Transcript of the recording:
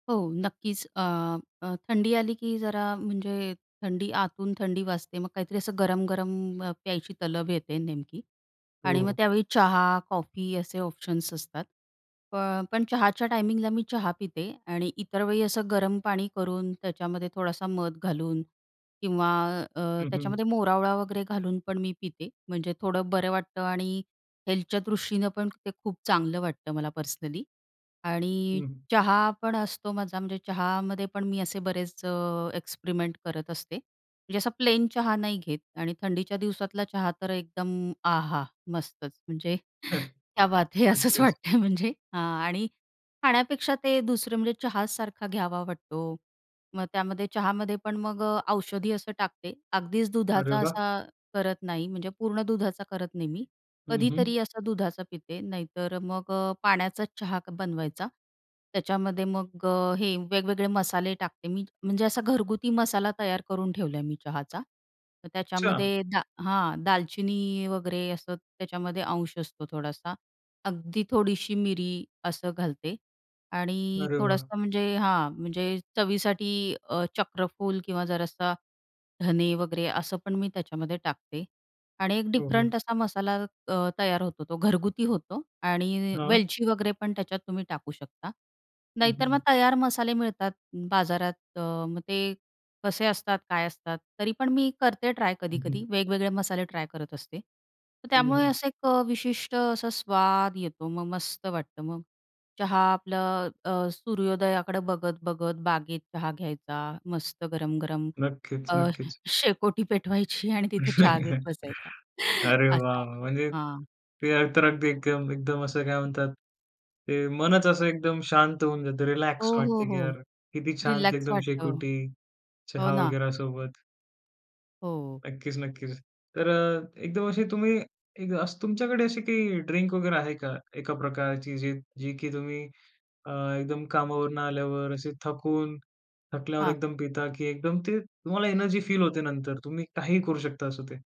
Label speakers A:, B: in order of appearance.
A: हो, नक्कीच. अ, अ, थंडी आली की जरा म्हणजे थंडी आतून थंडी वाजते. मग काहीतरी असं गरम-गरम प्यायची तलब येते नेमकी आणि मग
B: हो.
A: त्यावेळी चहा, कॉफी असे ऑप्शन्स असतात. प पण चहाच्या टायमिंगला मी चहा पिते आणि इतर वेळी असं गरम पाणी करून त्याच्यामध्ये थोडासा मध घालून किंवा अ,
B: हं, हं.
A: त्याच्यामध्ये मोरावळा वगैरे घालून पण मी पिते. म्हणजे थोडं बरं वाटतं आणि हेल्थच्या दृष्टीनं पण ते खूप चांगलं वाटतं मला पर्सनली आणि
B: हं.
A: चहा पण असतो माझा म्हणजे चहामध्ये पण मी असे बरेच अ, एक्सपेरिमेंट करत असते. म्हणजे असा प्लेन चहा नाही घेत आणि थंडीच्या दिवसातला चहा तर एकदम आहा! मस्तच. म्हणजे क्या बात हे! असंच
B: अगदीच.
A: वाटतं म्हणजे हां आणि खाण्यापेक्षा ते दुसरं म्हणजे चहासारखा घ्यावा वाटतो. मग त्यामध्ये चहामध्ये पण मग अ, औषधी असं टाकते. अगदीच
B: अरे
A: दुधाचा
B: वाह!
A: असा करत नाही म्हणजे पूर्ण दुधाचा करत नाही मी.
B: हं, हं.
A: कधीतरी असा दुधाचा पिते. नाहीतर मग अ, पाण्याचाच चहा बनवायचा. त्याच्यामध्ये मग अ, हे वेगवेगळे मसाले टाकते मी. म्हणजे असा घरगुती मसाला तयार करून ठेवला आहे मी चहाचा. तर
B: अच्छा.
A: त्याच्यामध्ये दा हां. दालचिनी वगैरे असं त्याच्यामध्ये अंश असतो थोडासा. अगदी थोडीशी मिरी असं घालते आणि
B: अरे वाह!
A: थोडंसं म्हणजे हां. म्हणजे चवीसाठी अ, चक्रफूल किंवा जरासा धने वगैरे असं पण मी त्याच्यामध्ये टाकते आणि एक
B: हो, हो.
A: डिफरंट असा मसाला अ, तयार होतो तो घरगुती होतो आणि
B: हां.
A: वेलची वगैरे पण त्याच्यात तुम्ही टाकू शकता.
B: हं,
A: नाहीतर मग
B: हं.
A: तयार मसाले मिळतात बाजारात. अ, मग ते कसे असतात, काय असतात? तरी पण मी करते ट्राय
B: हं, हं.
A: कधी-कधी. वेगवेगळे मसाले ट्राय करत असते. तर
B: हं,
A: त्यामुळे
B: हं.
A: असं एक अ, विशिष्ट असा स्वाद येतो. मग मस्त वाटतं. मग चहा आपलं अ, सूर्योदयाकडे बघत-बघत बागेत चहा घ्यायचा मस्त गरम-गरम.
B: नक्कीच,
A: अ,
B: नक्कीच.
A: शेकोटी पेटवायची आणि तिथे चहा घेत बसायचा.
B: अरे वाह, वाह!
A: असं.
B: म्हणजे
A: हां.
B: ते तर अगदी एकदम एकदम असं काय म्हणतात ते मनच असं एकदम शांत होऊन जातं,
A: हो,
B: रिलॅक्स
A: हो,
B: वाटतं की
A: हो.
B: यार किती शांत
A: रिलॅक्स
B: एकदम
A: वाटतं.
B: शेकोटी
A: हो
B: चहा
A: ना.
B: वगैरा सोबत.
A: हो.
B: नक्कीच, नक्कीच. तर अ, एकदम अशी तुम्ही एक असं तुमच्याकडे अशी काही ड्रिंक वगैरे आहे का? एका प्रकारची जी जी की तुम्ही अ, एकदम कामावरनं आल्यावर असे थकून थकल्यावर
A: हां.
B: एकदम पिता की एकदम ते तुम्हाला एनर्जी फील होते नंतर? तुम्ही काहीही करू शकता असं ते.